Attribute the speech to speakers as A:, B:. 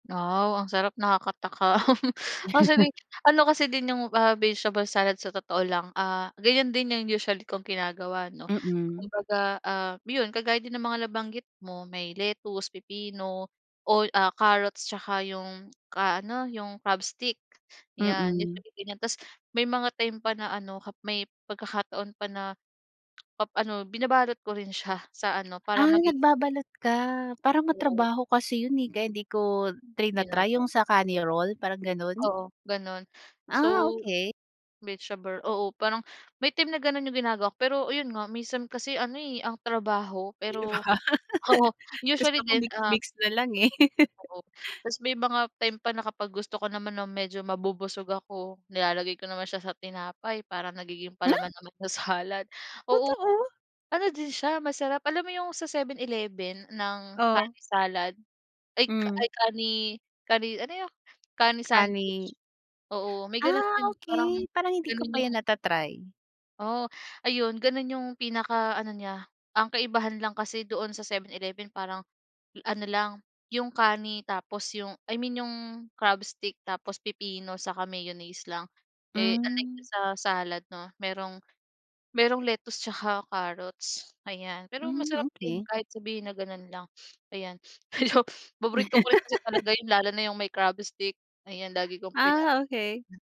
A: Wow ang sarap, nakakatakam. Ang sabi ano kasi din 'yung ah vegetable salad sa totoo lang, ah ganiyan din 'yung usually kong ginagawa 'no.
B: Mm.
A: Kumbaga ah, 'yon kagaya din ng mga nabanggit mo, may lettuce, pipino, o ah carrots, 'tsaka 'yung ka ano, yung crab stick, 'yan
B: Mm.
A: usually ganiyan. Tas may mga time pa na ano ka may pagkakataon pa na, pa ano binabalot ko rin siya sa ano, para
B: Ah,
A: maging
B: nagbabalot ka. Parang
A: Oo.
B: matrabaho kasi 'yun eh, kaya 'di ko trina-try. 'Yung
A: Ginagawa.
B: sa kani roll, parang gano'n?
A: Oo, gano'n. So,
B: Ah, okey.
A: vegetable, oo parang, may time na ganun 'yung ginagawa ko, pero ayun nga minsan kasi ano eh, ang trabaho,
B: 'Di ba.
A: pero oo
B: Gusto
A: usually
B: ko
A: din ah
B: mix-mix na lang eh.
A: Oo, tas may mga time pa na kapag gusto ko naman nang medyo mabubusog ako, nilalagay ko naman siya sa tinapay para nagiging
B: Ha?
A: palaman naman sa salad. Oo,
B: Totoo?
A: ano din siya masarap. Alam mo 'yung sa 7-Eleven ng
B: Oh.
A: kani salad, ay
B: Hmm.
A: ay kani kani, ano 'yun, kani sandwich.
B: Kani.
A: Oo, may gano'n
B: Ah,
A: din, parang
B: okey. Parang hindi ko
A: ganun
B: pa
A: 'yung
B: 'yan nata-try.
A: Oo, ayun, ganun yung pinaka ano niya. Ang kaibahan lang kasi doon sa 7-Eleven parang ano lang, 'yung kani tapos 'yung I mean yung crab stick, tapos pipino, saka mayonnaise lang. Eh unlike
B: Hmm.
A: dun sa salad 'no, merong merong lettuce 'tsaka carrots, ayan. Pero
B: Hmm,
A: masarap din
B: okey.
A: kahit sabihin na gano'n lang, ayan. Ayan paborito ko rin kasi talaga 'yun, lalo na 'yung may crab stick, ayan lagi kong pina
B: Ah, okey.